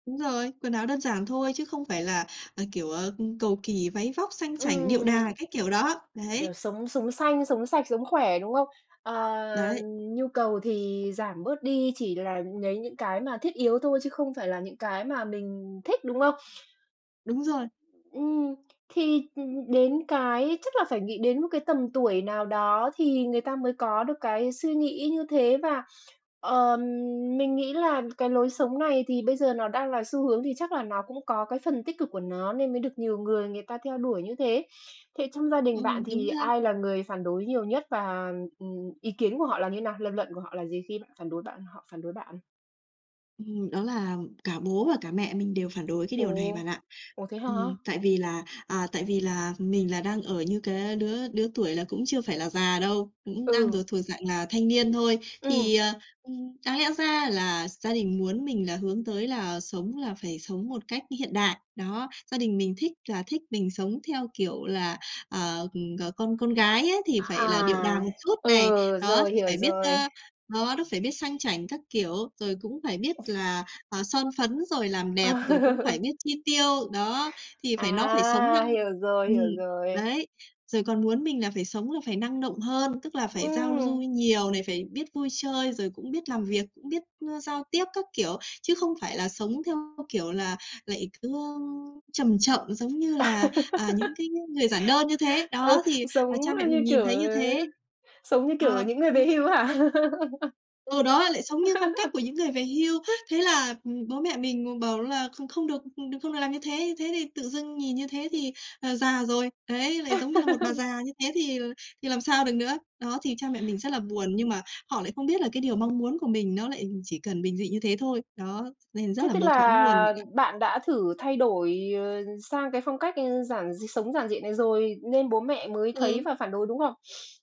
Đúng rồi. Quần áo đơn giản thôi, chứ không phải là, à, kiểu, à, ưm, cầu kỳ, váy vóc, sang chảnh, điệu đà, Ừm. cái kiểu đó. Đấy. Kiểu sống sống xanh, sống sạch, sống khỏe, đúng không? À, Đấy. nhu cầu thì giảm bớt đi, chỉ là lấy những cái mà thiết yếu thôi chứ không phải là những cái mà mình thích, đúng không? Đúng rồi. Ừm. Thì, ư, đến cái chắc là phải nghĩ đến 1 cái tầm tuổi nào đó thì người ta mới có được cái suy nghĩ như thế và, ờ, mình nghĩ là cái lối sống này thì bây giờ nó đang là xu hướng, thì chắc là nó cũng có cái phần tích cực của nó nên mới được nhiều người người ta theo đuổi như thế. Thế trong gia đình Ừ, bạn đúng thì ha. ai là người phản đối nhiều nhất và, ừm, ý kiến của họ là như nào? Lập luận của họ là gì khi bạn phản đối bạn họ phản đối bạn? Ừm, đó là cả bố và cả mẹ mình đều phản đối cái điều này bạn Ồ! ạ. Ủa, thế hả? Ừm. Tại vì là à, tại vì là mình là đang ở như cái đứa đứa tuổi là cũng chưa phải là già đâu, cũng đang Ừ. được thuộc dạng là thanh niên thôi. Ừm. Thì, à, ừm, đáng lẽ ra là gia đình muốn mình là hướng tới là sống là phải sống một cách hiện đại. Đó, gia đình mình thích là thích mình sống theo kiểu là, à, ừm, ờ, con con gái ấy thì phải là điệu À! đà một chút này, Ừ, đó, rồi, thì hiểu phải biết, rồi. a, đó, nó phải biết sang chảnh các kiểu. Rồi cũng phải biết là, à, son phấn rồi làm đẹp, rồi cũng phải À. biết chi tiêu. Đó, thì phải nó phải sống nhăng À! ừm, Hiểu rồi, hiểu rồi. đấy, rồi còn muốn mình là phải sống là phải năng động hơn, tức là phải giao du Ừm. nhiều này, phải biết vui chơi, rồi cũng biết làm việc, cũng biết, a, giao tiếp các kiểu. Chứ không phải là sống theo, kiểu, là lại cứ, ơ, chầm chậm giống như À. là, à, những cái ng người giản đơn như thế. Ờ, Đó, thì, sống, ờ, cha ơ, mẹ như mình nhìn kiểu thấy ờ, như thế. sống như kiểu, ờ, Ờ, những người nhưng về hưu như á hả? Ừ, đó, lại sống như phong cách của những người về hưu. Thế là, ừm, bố mẹ mình ng bảo là kh không được được không được làm như thế. Thế thì tự dưng nhìn như thế [unintelligible] thì, à, già rồi. Đấy, lại giống như là 1 bà già như thế thì thì làm sao được nữa. Đó, thì cha mẹ mình rất là buồn, nhưng mà họ lại không biết là cái điều mong muốn của mình nó lại chỉ cần bình dị như thế thôi. Đó, nên rất Thế là tức mâu thuẫn luôn là bạn ạ. bạn đã thử thay đổi, ờ, sang cái phong cách, ờ, giản d sống giản dị này rồi nên bố mẹ mới thấy Ừ. và phản đối, đúng không?